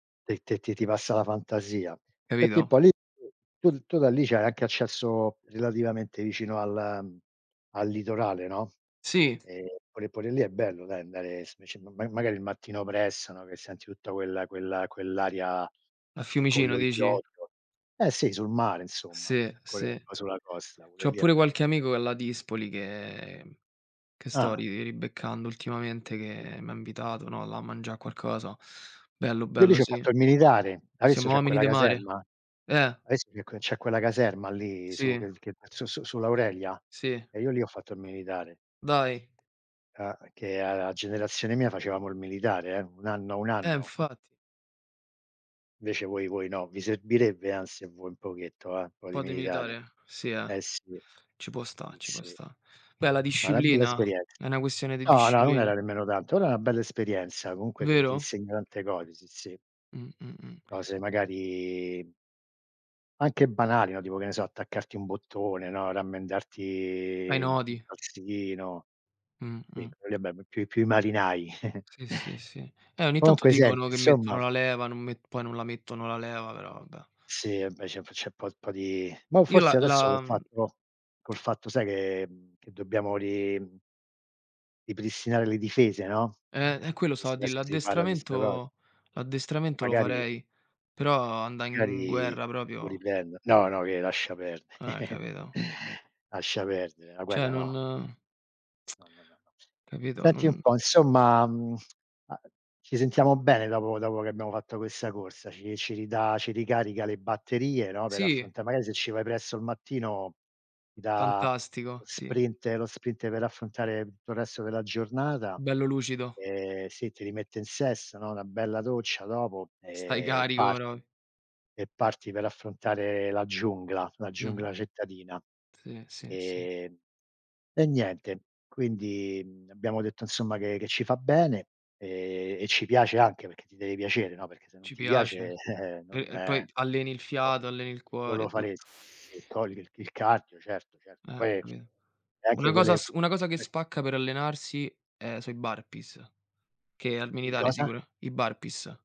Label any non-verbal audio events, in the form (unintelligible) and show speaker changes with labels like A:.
A: E ti ti ti passa la fantasia. Senti un po'
B: Capito?
A: lì, tu tu da lì c'hai anche accesso relativamente vicino al, mhmm, al litorale, no?
B: Sì.
A: Ehm, pure pure lì è bello dai andare s sc ma magari il mattino presto, no, che senti tutta quella quella quell'area
B: A
A: con
B: Fiumicino
A: lo
B: dici?
A: iodio. Eh, sì, sul mare insomma,
B: se,
A: co
B: se.
A: o sulla costa, pure
B: C'ho
A: lì è
B: pure
A: bello.
B: qualche amico che è a Ladispoli che che sto
A: Ah.
B: ri ribeccando ultimamente che m'ha invitato, no, là a mangia qualcosa. Bello,
A: Io lì
B: bello,
A: ci ho
B: sì.
A: fatto il militare. Adesso
B: Siamo
A: c'è
B: omini
A: quella
B: de mare.
A: caserma, hai
B: Eh!
A: vis e co c'è quella caserma lì su
B: Sì.
A: che che su su sull'Aurelia?
B: Sì.
A: E io lì ho fatto il militare.
B: Dai?
A: A che a a la generazione mia facevamo il militare, eh, 1 anno 1
B: Eh
A: anno.
B: infatti.
A: Invece voi voi no, vi servirebbe anzi a voi un pochetto, eh, un po' di
B: Un po' di
A: militare,
B: militare, sì, eh?
A: eh, sì,
B: Ci può sta ci può
A: sì.
B: sta. Beh, la
A: È una bella
B: disciplina
A: esperienza.
B: è una questione di
A: No, no, non
B: disciplina.
A: era nemmeno tanto, era una bella esperienza comunque, ti ti
B: Vero?
A: insegnano tante cose, sì, sì.
B: Mh-mh, mh.
A: Cose magari anche banali, no, tipo che ne so, attaccarti un bottone, no,
B: Ai
A: rammendarti un
B: nodi.
A: calzino. Sì,
B: Mh-mh.
A: quello lì è be più più i marinai.
B: Sì, sì, sì.
A: (chuckles)
B: E ogni tanto
A: Comunque
B: dicono
A: senti
B: che
A: insomma
B: mettono la leva, non me poi non la mettono la leva, però vabbè.
A: Sì, invece p c'è un po' po' di, boh,
B: Io la
A: forse adesso col
B: la, mhmm
A: fatto col
B: t
A: fatto sai che, mhmm, che dobbiamo ri mhmm ripristinare le difese, no,
B: Eh, e quello stavo a
A: visto
B: dì
A: adesso si parla di sta cos
B: l'addestramento
A: m m
B: l'addestramento lo
A: magari
B: farei, però andà in
A: magari
B: guerra
A: lo
B: proprio
A: riprendo. No, no che lascia
B: Eh,
A: perde
B: capito?
A: (chuckles) lascia perdere, la
B: Cioè
A: guerra no!
B: non (tsk)
A: No, no, no.
B: capito
A: Senti un
B: non
A: po' insomma, (tsk) mhmm, a ci sentiamo bene dopo dopo che abbiamo fatto questa corsa, ci ci ridà ci ricarica le batterie no, per
B: Sì.
A: affronta magari se ci vai presto al mattino, ti dà lo
B: Fantastico, sì.
A: sprint lo sprint per affrontare tutto il resto della giornata,
B: Bello lucido.
A: ehm sì, ti rimette in sesto, no, una bella doccia dopo,
B: Stai
A: ehm,
B: carico
A: parti
B: propri
A: e parti per affrontare la giungla, la
B: Mh-mh.
A: giungla cittadina.
B: Sì, sì, sì.
A: Ehm, e niente, quindi, mhmm, abbiamo detto insomma che che ci fa bene, ehm, e ci piace anche perché, ti deve piacere, no, perché se non
B: Ci
A: ti
B: piace.
A: piace, eh, eh,
B: E
A: non,
B: e poi
A: no
B: alleni il fiato, alleni il cuore,
A: lo faresti.
B: tutto.
A: E togli il (unintelligible) certo, certo
B: Eh,
A: poi e
B: capito.
A: anche
B: Una cosa
A: quelle
B: s una cosa che
A: (unintelligible)
B: spacca per allenarsi è so i burpees, che al
A: I
B: militare
A: cosa?
B: sicuro i burpees.